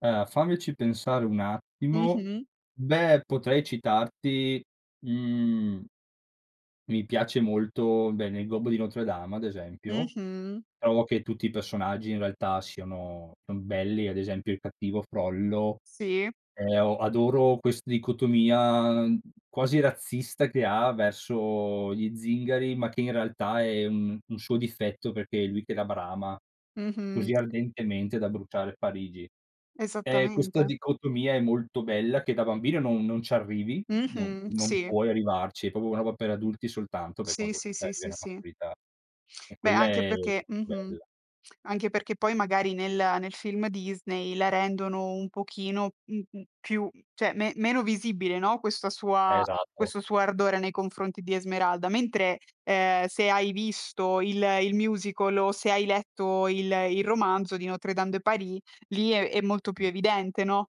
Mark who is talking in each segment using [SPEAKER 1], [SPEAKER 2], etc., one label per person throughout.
[SPEAKER 1] Eh, fammici pensare un attimo.
[SPEAKER 2] Mh-mh.
[SPEAKER 1] Beh potrei citarti, mhmm Mi piace molto, beh nel gobbo di Notre-Dame ad esempio,
[SPEAKER 2] Mh-mh.
[SPEAKER 1] trovo che tutti i personaggi in realtà siano son belli, ad esempio il cattivo Frollo.
[SPEAKER 2] Sì.
[SPEAKER 1] E o adoro quest dicotomia, mhmm, quasi razzista che ha verso gli zingari, ma che in realtà è, mhmm, un suo difetto perché è lui che la brama
[SPEAKER 2] Mh-mh.
[SPEAKER 1] così ardentemente da bruciare Parigi. E questa
[SPEAKER 2] Esattamente.
[SPEAKER 1] dicotomia è molto bella che da bambino non non ci arrivi, non
[SPEAKER 2] Mh-mh.
[SPEAKER 1] non
[SPEAKER 2] Sì.
[SPEAKER 1] puoi arrivarci, è proprio una roba per adulti soltanto per
[SPEAKER 2] Sì,
[SPEAKER 1] quando
[SPEAKER 2] sì,
[SPEAKER 1] comunque
[SPEAKER 2] sì,
[SPEAKER 1] arrivi
[SPEAKER 2] sì,
[SPEAKER 1] alla
[SPEAKER 2] sì.
[SPEAKER 1] maturità. E
[SPEAKER 2] Beh,
[SPEAKER 1] quella
[SPEAKER 2] anche
[SPEAKER 1] è
[SPEAKER 2] perché
[SPEAKER 1] molto
[SPEAKER 2] Mh-mh.
[SPEAKER 1] bella.
[SPEAKER 2] Anche perché, poi, magari nel nel film Disney la rendono un pochino, m mhmm, più mhmm, cioè me meno visibile, no, questa sua
[SPEAKER 1] Esatto.
[SPEAKER 2] questo suo ardore nei confronti di Esmeralda, mentre, uhm, se hai visto il il musical o se hai letto il il romanzo di Notre-Dame de Paris lì è è molto più
[SPEAKER 1] Mh.
[SPEAKER 2] evidente, no?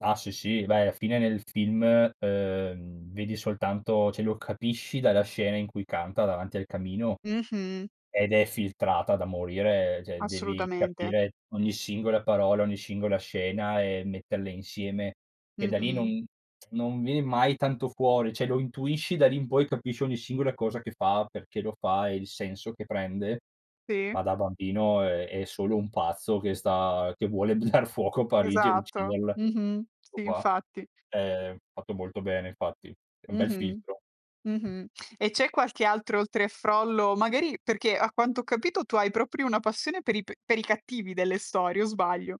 [SPEAKER 1] Ah, sì, sì. Beh, alla fine nel film, uhm, vedi soltanto cioè lo capisci dalla scena in cui canta davanti al camino,
[SPEAKER 2] Mh-mh.
[SPEAKER 1] ed è filtrata da morire, cioè devi
[SPEAKER 2] Assolutamente.
[SPEAKER 1] capire ogni singola parola, ogni singola scena, e metterle insieme che da lì
[SPEAKER 2] Mh-mh.
[SPEAKER 1] non non viene mai tanto fuori, cioè, lo intuisci, da lì in poi capisci ogni singola cosa che fa, perché lo fa, e il senso che prende,
[SPEAKER 2] Sì.
[SPEAKER 1] ma da bambino è è solo un pazzo che sta che vuole dar fuoco a Parigi e
[SPEAKER 2] Esatto.
[SPEAKER 1] ucciderla,
[SPEAKER 2] Mh-mh.
[SPEAKER 1] tutto
[SPEAKER 2] Sì
[SPEAKER 1] qua.
[SPEAKER 2] infatti.
[SPEAKER 1] Ehm, è fatto molto bene infatti, è un bel
[SPEAKER 2] Mh-mh.
[SPEAKER 1] filtro.
[SPEAKER 2] Mh-mh. E c'è qualche altro oltre a Frollo magari perché a quanto ho capito tu hai proprio una passione per i p per i cattivi delle storie o sbaglio?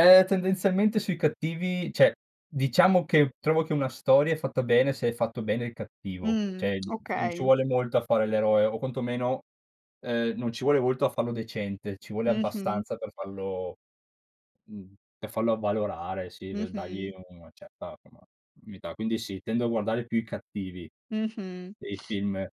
[SPEAKER 1] Ehm, tendenzialmente sui cattivi cioè, diciamo, che trovo che una storia è fatta bene se è fatto bene il cattivo.
[SPEAKER 2] Mh.
[SPEAKER 1] Cioè, mhmm, f non ci
[SPEAKER 2] Okay.
[SPEAKER 1] vuole molto a fare l'eroe, o quantomeno, uhm, non ci vuole molto a fallo decente, ci vuole
[SPEAKER 2] Mh-mh.
[SPEAKER 1] abbastanza per fallo mhmm, per farlo avvalorare, sì, v dagli
[SPEAKER 2] Mh-mh.
[SPEAKER 1] una certa, insomma, unità. Quindi, sì, tendo a guardare più i cattivi
[SPEAKER 2] Mh-mh.
[SPEAKER 1] nei film.